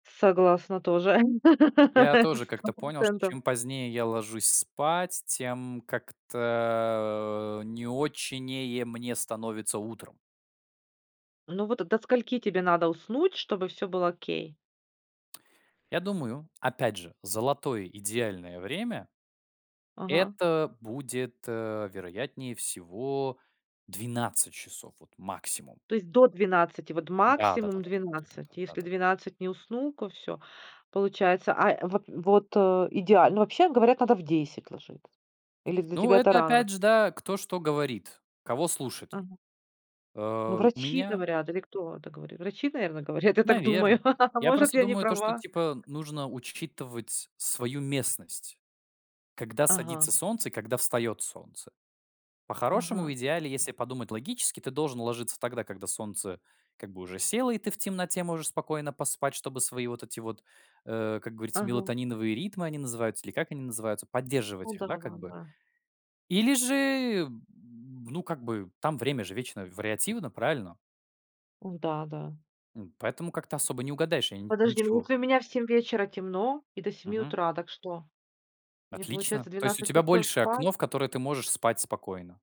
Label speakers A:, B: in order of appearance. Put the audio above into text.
A: Согласна тоже.
B: Я тоже
A: сто
B: как-то понял, что,
A: процентов.
B: чем позднее я ложусь спать, тем как-то, не очень не е мне становится утром.
A: Ну вот, до скольки тебе надо уснуть, чтобы всё было окей?
B: Я думаю, опять же, золотое идеальное время
A: Ага.
B: это будет, э, вероятнее всего, 12 часов, вот, максимум.
A: То есть, до 12, вот,
B: Да-да-да,
A: максимум,
B: да-да-да,
A: 12.
B: да-да-да,
A: Если
B: да-да-да.
A: 12 не усну, ко всё. Получается, а, э, вот вот, э, идеально ну, вообще, говорят, надо в 10 ложит Или для
B: Ну,
A: тебя это
B: это
A: рано очень?
B: опять же, да, кто что говорит, кого слушать.
A: Ага. Ну,
B: Э, у
A: врачи
B: меня
A: говорят или кто это говорит? Врачи, наверно, говорят, я так думаю.
B: Наверно.
A: А,
B: Я
A: может,
B: просто
A: я не
B: думаю, то, что,
A: права?
B: типа, нужно учитывать свою местность. Когда садится
A: Ага.
B: солнце и когда встаёт солнце. По-хорошему, в
A: Ага.
B: идеале, если подумать логически, ты должен ложиться тогда, когда солнце, как бы, уже село, и ты в темноте можешь спокойно поспать, чтобы свои вот эти вот, э, как говорится,
A: Ага.
B: мелатониновые ритмы они называются или как они называются,
A: Ну
B: поддерживать их, да, как бы.
A: да-да-да.
B: Или же, м, ну, как бы, там, время же вечно вариативно, правильно?
A: Ой, да, да.
B: М, поэтому как-то
A: Ой, да, да.
B: особо не угадаешь я нь
A: Подожди, ну,
B: ничего.
A: если у меня в 7 вечера темно и до 7
B: Мгм.
A: утра, так что? Мне,
B: Отлично.
A: получается,
B: То есть, у
A: 12
B: тебя
A: часов
B: больше
A: спать?
B: окно, в которое ты можешь спать спокойно?